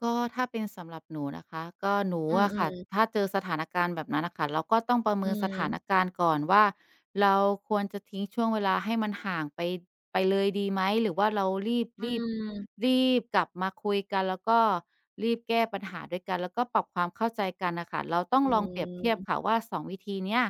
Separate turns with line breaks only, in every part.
ก็ถ้าเป็นสำหรับหนูนะคะ ก็หนู
อื
อะค่ะ
อ ๆ
ถ้าเจอสถานการณ์แบบนั้นอะค่ะ เราก็ต้องประเ
อ
ม
ื
ินสถาน
ม
การณ์ก่อนว่าเราควรจะทิ้งช่วงเวลาให้มันห่างไป ไปเลยดีไหม หรือว่าเรารีบ
อ
รีบ
ืม
รีบกลับมาคุยกัน แล้วก็รีบแก้ปัญหาด้วยกัน แล้วก็ปรับความเข้าใจกันน่ะค่ะ เราต้อ
อ
งลองเปรียบเทียบ
ืม
ค่ะว่า 2 วิธีเนี้ย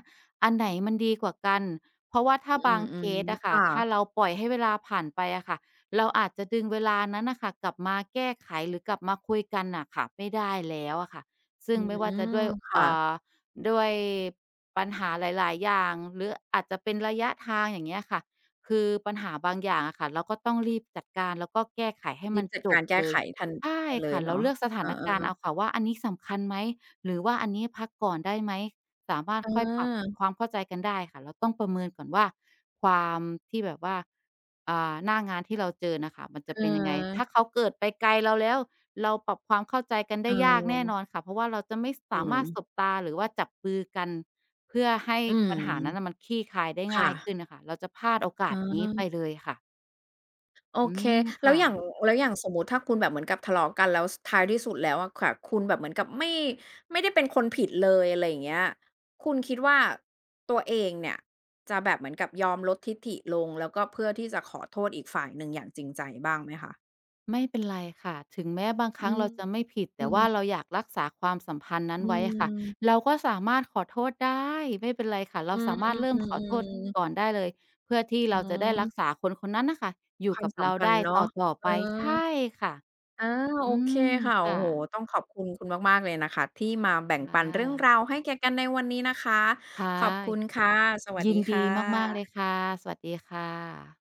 อันไหนมันดีกว่ากัน เพราะว่าถ้
อ
า
ื
บางเค
ม
ส
ๆ
อะ
ๆ
ค
ค
่ะ
่ะ
ถ้าเราปล่อยให้เวลาผ่านไปอะค่ะ เราอาจจะดึงเวลานั้นน่ะค่ะกลับมาแก้ไขหรือกลับมาคุยกันน่ะค่ะไม่ได้แล้วอะค่ะ ซึ
อ
่
ื
งไม่ว่าจะด
ม
้วย
ค่
อ
ะ
่า ด้วยปัญหาหลาย ๆ อย่างหรืออาจจะเป็นระยะทาง อย่างเงี้ยอะค่ะ คือปัญหาบางอย่างอะค่ะเราก็ต้องรีบจัดการแล้วก็แก้ไขให้
รี
มั
บ
น
จัด
จ
กา
บ
รแก้
เล
ไข
ย
ทัน
ใช่
ไปเล
ค
ย
่ะ
เ
เ
น
ร
า
า
ะ
เลือกสถ
เออ
านการณ์เอ
ๆ
าค่ะว่าอันนี้สำคัญไหม หรือว่าอันนี้พักก่อนได้ไหม สามารถ
เ
ค่อยปรับ
ออ
ความเข้าใจกันได้ค่ะ เราต้องประเมินก่อนว่า ความที่แบบว่า อ่า หน้างานที่เราเจอน่ะค่ะมันจะ
อือ
เป็นยังไง ถ้าเขาเกิดไปไกลเราแล้ว เราปรับความเข้าใจกันไ
เ
ด้ยากแน่
ออ
นอนค่ะ เพราะว่าเราจะไม่ส
อื
ามารถ
ม
สบตา หรือว่าจับมือกันเพื่อให้
อืม
ปัญหานั้นอะมันคลี่คลายได้
ค
ง
่
่ายข
ะ
ึ้นอะค่ะ เราจะพลาดโอก
อ
า
๋
สนี้ไป
อ
เลยค่ะ
โอ
อื
เค
ม
แ
ค
ล้
่
วอย่าง
ะ
แล้วอย่างสมมุติถ้าคุณแบบเหมือนกับทะเลาะกันแล้ว ส ท้ายที่สุดแล้วอะแขวะ คุณแบบเหมือนกับไม่ ไม่ได้เป็นคนผิดเลย อะไรอย่างเงี้ย คุณคิดว่าตัวเองเนี่ยจะแบบเหมือนกับยอมลดทิฐิลง แล้วก็เพื่อที่จะขอโทษอีกฝ่ายหนึ่งอย่างจริงใจบ้างไหมคะ?
ไม่เป็นไรค่ะ ถึงแม้บางค
อ
ร
ื
ั้งเ
ม
ราจะไม่ผิด แ
อื
ต่ว่า
ม
เราอยากรักษาความสัมพันธ์นั้
อื
นไว้อะค่ะ
ม
เราก็สามารถขอโทษ ได้ ไม่เป็นไรค่ะ เร
อ
า
ือ
สามารถเริ่มขอโทษ
ๆ ๆ ๆ
ก่อนได้เลย เพื่อที่เราจะได้รัก
หือ
ษาคนคนนั้นน่ะค่ะอย
ค
ู่
วา
ก
ม
ับ
ส
เ
ั
ร
ม
า
พั
ไ
น
ด
ธ
้
์เนา
ต
ะ
่อ
เ
ๆ ไ
ออ
ป ใช่ ค่ะ
อา โ
อ
อ
ื
เค
ม
ค่ะ
ค
โอ
่
้โฮ
ะ
ต้องขอบคุณคุณมาก ๆ เลยนะคะที่มาแบ่งปัน
ค่
เรื่อง
ะ
ราวให้แก่กันในวันนี้นะคะ
ค่ะ
ขอบคุณ ค่ะ สวัส
ยิ
ดี
นด
ค่
ีมาก ๆ เลย
ะ
ค่ะ สวัสดีค่ะ